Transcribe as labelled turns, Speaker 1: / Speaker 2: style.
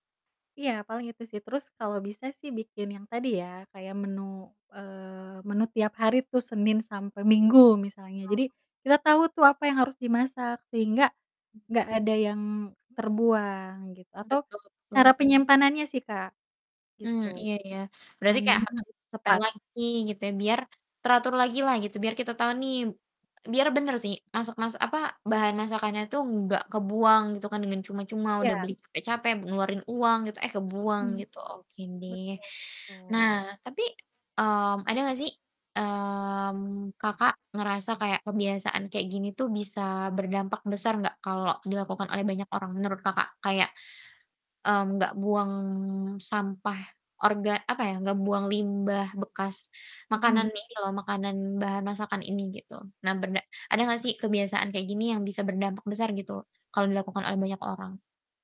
Speaker 1: Iya, paling itu sih, terus kalau bisa sih bikin yang tadi ya, kayak menu, eee, menu tiap hari tuh, Senin sampai Minggu misalnya, jadi
Speaker 2: Oh.
Speaker 1: kita tau tuh apa yang harus dimasak sehingga nggak ada yang terbuang gitu atau
Speaker 2: Betul betul.
Speaker 1: cara penyimpanannya sih Kak,
Speaker 2: Mmm,
Speaker 1: gitu.
Speaker 2: iya iya. Berarti kayak
Speaker 1: Penyimpanannya
Speaker 2: harus
Speaker 1: harus
Speaker 2: ditaruh
Speaker 1: tepat.
Speaker 2: lagi gitu ya, biar teratur lagi lah, gitu, biar kita tau nih biar bener sih masak-masak apa, bahan masakannya tuh nggak kebuang gitu kan dengan cuma-cuma, udah
Speaker 1: Iya.
Speaker 2: beli capek-capek, ngeluarin uang gitu, eh, kebuang
Speaker 1: Mhm.
Speaker 2: gitu, oke deh.
Speaker 1: Betul
Speaker 2: Nah,
Speaker 1: betul.
Speaker 2: tapi, mmm, ada nggak sih, mmm, Kakak ngerasa kayak kebiasaan kayak gini tuh bisa berdampak besar nggak kalau dilakukan oleh banyak orang menurut Kakak? Kayak, mmm, nggak buang sampah orga apa ya, nggak buang limbah bekas makanan
Speaker 1: Mhm.
Speaker 2: ini loh, makanan bahan masakan ini, gitu. Nah, bena ada nggak sih kebiasaan kayak gini yang bisa berdampak besar gitu, kalau dilakukan oleh banyak orang?